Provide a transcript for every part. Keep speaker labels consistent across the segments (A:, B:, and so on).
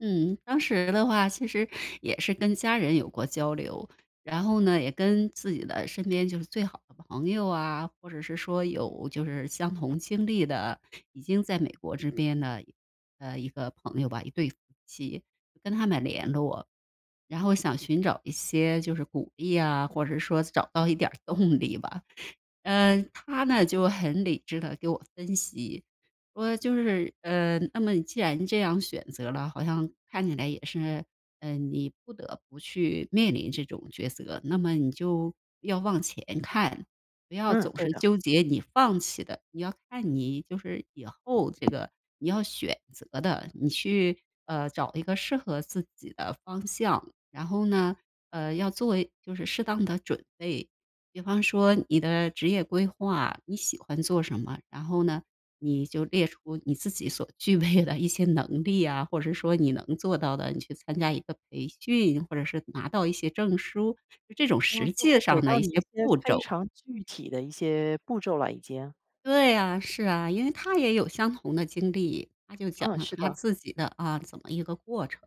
A: 嗯，当时的话其实也是跟家人有过交流，然后呢，也跟自己的身边就是最好的朋友啊，或者是说有就是相同经历的，已经在美国这边的，呃，一个朋友吧，一对夫妻，跟他们联络。然后想寻找一些就是鼓励啊，或者说找到一点儿动力吧。嗯，他呢，就很理智地给我分析说，就是，呃，“那么既然这样选择了，好像看起来也是，嗯，你不得不去面临这种抉择，那么你就要望前看。不要
B: 嗯，
A: 总
B: 对
A: 是
B: 的。
A: 纠结你放弃的，你要看你就是以后这个你要选择的。你去，呃，找一个适合自己的方向，然后呢，呃，要做就是适当的准备，比方说你的职业规划，你喜欢做什么。然后呢，你就列出你自己所具备的一些能力啊，或者说你能做到的，你去参加一个培训，或者是拿到一些证书，这种
B: 然后
A: 实
B: 就
A: 际
B: 会给
A: 上的
B: 到
A: 一
B: 你一
A: 些
B: 些
A: 步
B: 非
A: 骤。”
B: 常具体的一些步骤了，已经。
A: 对啊，是啊。因为他也有相同的经历，他就讲
B: 嗯，
A: 了
B: 是
A: 他
B: 的。
A: 自己的啊，怎么一个过程，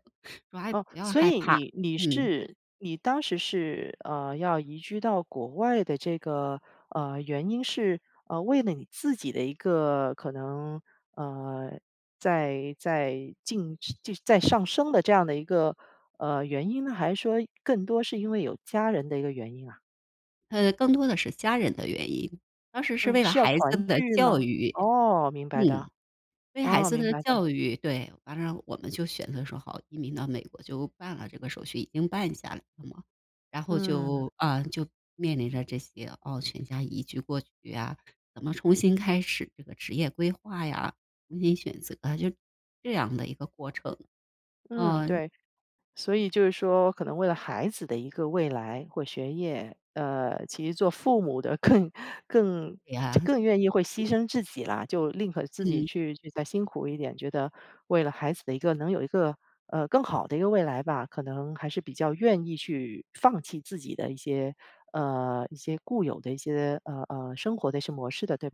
A: 说：“哎，不
B: 哦，
A: 要
B: 所
A: 害
B: 以
A: 怕。”
B: 你你
A: 嗯。
B: 是你当时是，呃，要移居到国外的这个，呃，原因是，呃，为了你自己的一个可能，呃，在在进升在上升的这样的一个，呃，原因呢，还是说更多是因为有家人的一个原因啊？
A: 呃，更多的是家人的原因。当时是
B: 嗯，
A: 为了
B: 是要
A: 孩
B: 团
A: 子的
B: 聚吗？
A: 教育，
B: 哦，明白的，
A: 嗯。对孩
B: 哦，
A: 子
B: 明
A: 的
B: 白的。
A: 教育，对。完了我们就选择说：“好，移民到美国。”就办了这个手续已经办下来了嘛。然后
B: 嗯。
A: 就啊，就面临着这些哦，全家移居过去啊，怎么重新开始这个职业规划呀，重新选择啊，就这样的一个过程，
B: 嗯，
A: 啊。
B: 对。所以就是说可能为了孩子的一个未来或学业，呃，其实做父母的更更
A: 对呀。
B: 更愿意会牺牲自己啦。就宁可自己
A: 嗯。
B: 去再辛苦一点，觉得为了孩子的一个能有一个，呃，更好的一个未来吧，可能还是比较愿意去放弃自己的一些呃，一些固有的一些，呃，呃，生活的一些模式的，对吧？